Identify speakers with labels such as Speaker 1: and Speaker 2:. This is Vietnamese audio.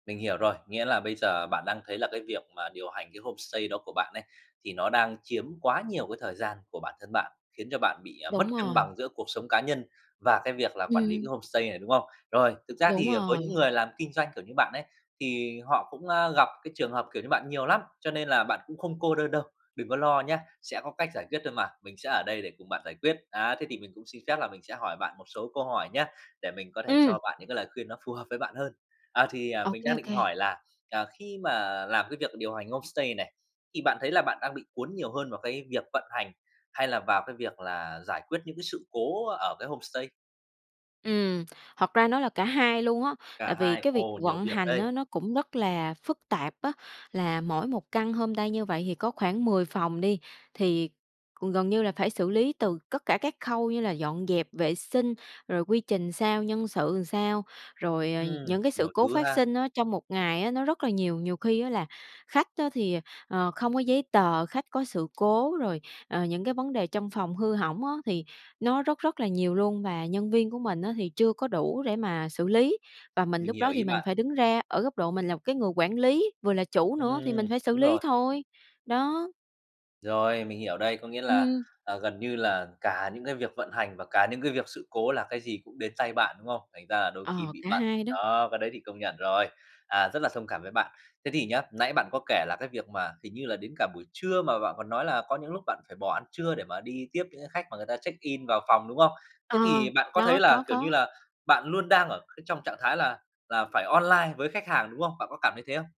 Speaker 1: Mình hiểu rồi, nghĩa là bây giờ bạn đang thấy là cái việc mà điều hành cái homestay đó của bạn ấy, thì nó đang chiếm quá nhiều cái thời gian của bản thân bạn, khiến cho bạn bị, à, mất
Speaker 2: Đúng
Speaker 1: cân
Speaker 2: rồi.
Speaker 1: bằng giữa cuộc sống cá nhân và cái việc là quản lý cái
Speaker 2: Ừm.
Speaker 1: homestay này, đúng không? Rồi, thực ra
Speaker 2: Đúng
Speaker 1: thì, ờ, với những
Speaker 2: rồi.
Speaker 1: người làm kinh doanh, kiểu, như bạn ấy, thì họ cũng, a, gặp cái trường hợp, kiểu, như bạn nhiều lắm, cho nên là bạn cũng không cô đơn đâu, đừng có lo nhá, sẽ có cách giải quyết thôi mà, mình sẽ ở đây để cùng bạn giải quyết. Á, thế thì mình cũng xin phép là mình sẽ hỏi bạn một số câu hỏi nhá, để mình có thể
Speaker 2: Ừm.
Speaker 1: cho bạn những cái lời khuyên nó phù hợp với bạn hơn. À, thì, à,
Speaker 2: Ô
Speaker 1: mình
Speaker 2: kê,
Speaker 1: đang
Speaker 2: ô
Speaker 1: định
Speaker 2: kê.
Speaker 1: hỏi là, à, khi mà làm cái việc điều hành homestay này, thì bạn thấy là bạn đang bị cuốn nhiều hơn vào cái việc vận hành hay là vào cái việc là giải quyết những cái sự cố ở cái homestay?
Speaker 2: Ừm, thật ra nó là cả 2 luôn á,
Speaker 1: Cả
Speaker 2: tại vì
Speaker 1: 2.
Speaker 2: cái việc
Speaker 1: Ồ, nhiều
Speaker 2: vận
Speaker 1: việc
Speaker 2: hành
Speaker 1: đây.
Speaker 2: á nó cũng rất là phức tạp á, là mỗi một căn homestay như vậy thì có khoảng 10 phòng đi, thì c gần như là phải xử lý từ cất cả các khâu như là dọn dẹp vệ sinh, rồi quy trình sao, nhân sự làm sao. Rồi, ờ, nh
Speaker 1: Ừm,
Speaker 2: những cái sự
Speaker 1: nhiều
Speaker 2: cố
Speaker 1: thứ
Speaker 2: phát
Speaker 1: ha.
Speaker 2: sinh á trong một ngày á nó rất là nhiều, nhiều khi á là khách á thì, ờ, không có giấy tờ, khách có sự cố. Rồi, ờ, những cái vấn đề trong phòng hư hỏng á thì nó rất rất là nhiều luôn. Và nhân viên của mình á thì chưa có đủ để mà xử lý, và mình
Speaker 1: Mình
Speaker 2: lúc
Speaker 1: hiểu
Speaker 2: đó thì
Speaker 1: ý
Speaker 2: mình
Speaker 1: bạn.
Speaker 2: phải đứng ra ở góc độ mình là một cái người quản lý, vừa là chủ nữa, thì mình
Speaker 1: Ừm,
Speaker 2: phải xử
Speaker 1: đúng
Speaker 2: lý
Speaker 1: rồi.
Speaker 2: thôi, đó.
Speaker 1: Rồi, mình hiểu đây, có nghĩa là,
Speaker 2: Ừm.
Speaker 1: ờ, gần như là cả những cái việc vận hành và cả những cái việc sự cố là cái gì cũng đến tay bạn, đúng không? Thành ra là đôi khi
Speaker 2: Ờ,
Speaker 1: bị
Speaker 2: cả
Speaker 1: bận.
Speaker 2: 2 đó.
Speaker 1: Đó, cái đấy thì công nhận rồi, à, rất là thông cảm với bạn. Thế thì nhá, nãy bạn có kể là cái việc mà hình như là đến cả buổi trưa mà bạn còn nói là có những lúc bạn phải bỏ ăn trưa, để mà đi tiếp những cái khách mà người ta check-in vào phòng, đúng không? Thế
Speaker 2: Ờ,
Speaker 1: thì bạn có thấy
Speaker 2: đó,
Speaker 1: là,
Speaker 2: có,
Speaker 1: kiểu như
Speaker 2: có.
Speaker 1: là, bạn luôn đang ở cái trong trạng thái là là phải online với khách hàng, đúng không? Bạn có cảm thấy thế không?